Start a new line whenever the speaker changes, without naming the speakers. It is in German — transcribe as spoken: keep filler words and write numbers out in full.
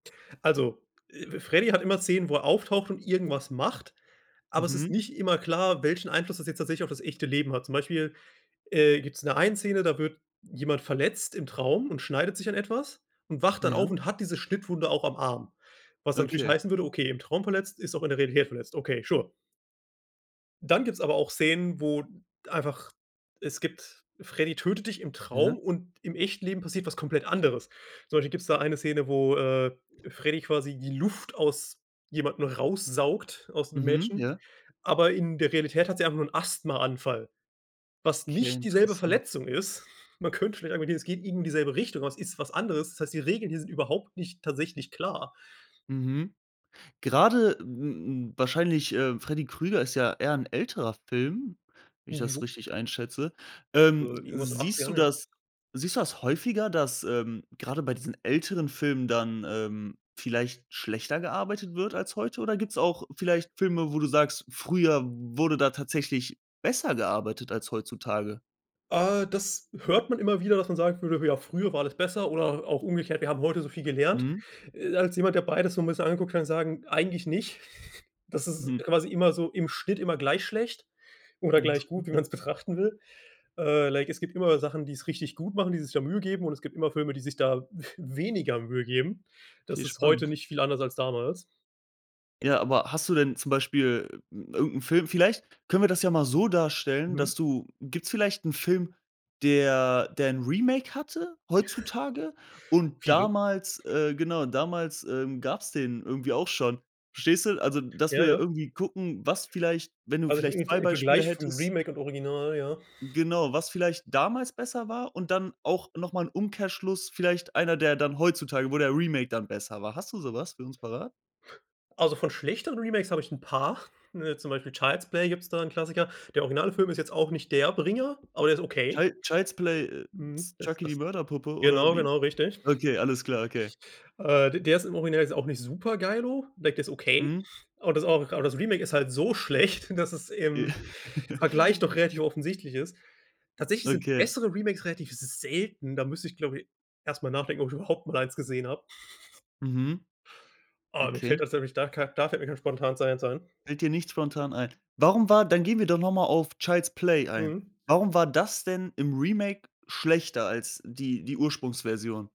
Also, äh, Freddy hat immer Szenen, wo er auftaucht und irgendwas macht, aber es ist
Mhm.
nicht immer klar, welchen Einfluss das jetzt tatsächlich auf das echte Leben hat. Zum Beispiel, äh, gibt's in der einen Szene da wird jemand verletzt im Traum und schneidet sich an etwas und wacht dann auf
Ja.
und hat diese Schnittwunde auch am Arm, was dann natürlich
Okay.
heißen würde: „Okay, im Traum verletzt ist auch in der Realität verletzt.” Okay, sure. Dann gibt's aber auch Szenen, wo einfach es gibt Freddy tötet dich im
Ja.
Traum und im echten Leben passiert was komplett anderes. Zum Beispiel gibt's da eine Szene, wo, äh, Freddy quasi die Luft aus jemandem raussaugt aus 'nem
Mhm,
Mädchen,
ja.
aber in der Realität hat sie einfach nur 'n Asthmaanfall, was
Okay,
nicht dieselbe
interessant.
Verletzung ist. Man könnte vielleicht annehmen, es geht irgendwie in dieselbe Richtung, aber es ist was anderes. Das heißt, die Regeln hier sind überhaupt nicht tatsächlich klar.
Mhm. Grade, m m wahrscheinlich, äh, Freddy Krueger ist ja eher 'n älterer Film, wenn ich das
Jo.
richtig einschätze.
Äh,
Ähm,
irgendwas in
siehst du
achtzigern, ja.
das siehst du das häufiger, dass, ähm, grade bei diesen älteren Filmen dann, ähm, vielleicht schlechter gearbeitet wird als heute, oder gibt's auch vielleicht Filme, wo du sagst: „Früher wurde da tatsächlich besser gearbeitet als heutzutage?“
Ah, das hört man immer wieder, dass man sagen würde: „Ja, früher war alles besser“, oder auch umgekehrt: „Wir haben heute so viel gelernt.“
Mhm.
Äh, als jemand, der beides so 'n bisschen angeguckt hat, kann ich sagen: „Eigentlich nicht.” Das ist
Mhm.
quasi immer so im Schnitt immer gleich schlecht oder
Intéressant,
gleich gut, wie
ja.
man's betrachten will. Äh, like es gibt immer Sachen, die's richtig gut machen die sich da Mühe geben, und es gibt immer Filme, die sich da weniger Mühe geben. Das
Okay,
ist heute
spannend.
nicht viel anders als damals.
Ja, aber hast du denn zum Beispiel irgend 'n Film vielleicht können wir das ja mal so darstellen,
Mhm.
dass du gibt's vielleicht 'n Film, der der 'n Remake hatte heutzutage und
Viele.
damals äh, genau, damals, ähm, gab's den irgendwie auch schon. Verstehst du? Also, dass
Ja,
wir
ja.
irgendwie gucken, was vielleicht wenn du
Also [unintelligible]
vielleicht
im Ver
zwei
im
Beispiele
Vergleich von
hättest
Remake und Original, ja.
genau, was vielleicht damals besser war, und dann auch noch mal 'n Umkehrschluss, vielleicht einer, der dann heutzutage wo der Remake dann besser war. Hast du so was für uns parat?
Also von schlechteren Remakes habe ich 'n paar, ne zum Beispiel Child's Play gibt's da 'n Klassiker. Der Originalfilm ist jetzt auch nicht der Bringer, aber der ist okay.
Chil Child's Play, äh,
Mhm,
ist
das
„Chucky die
das
Mörderpuppe“ oder
genau,
wie?
genau richtig.
Okay, alles klar. Okay.
Äh, d der ist im Original jetzt auch nicht super geilo, like der ist okay,
Mhm.
aber das [unintelligible] aber das Remake ist halt so schlecht, dass es
I
im Vergleich doch relativ offensichtlich ist. Tatsächlich sind
Okay.
bessere Remakes relativ selten, da müsste ich, glaube ich, erst mal nachdenken, ob ich überhaupt mal eins gesehen habe.
Mhm.
Oh, mir fällt
Okay.
tatsächlich da kei da fällt mir kein Spontanes [unintelligible] ein.
Fällt dir nichts spontan ein. Warum war dann gehen wir doch noch mal auf „Child's Play“ ein.
Mhm.
Warum war das denn im Remake schlechter als die die Ursprungsversion?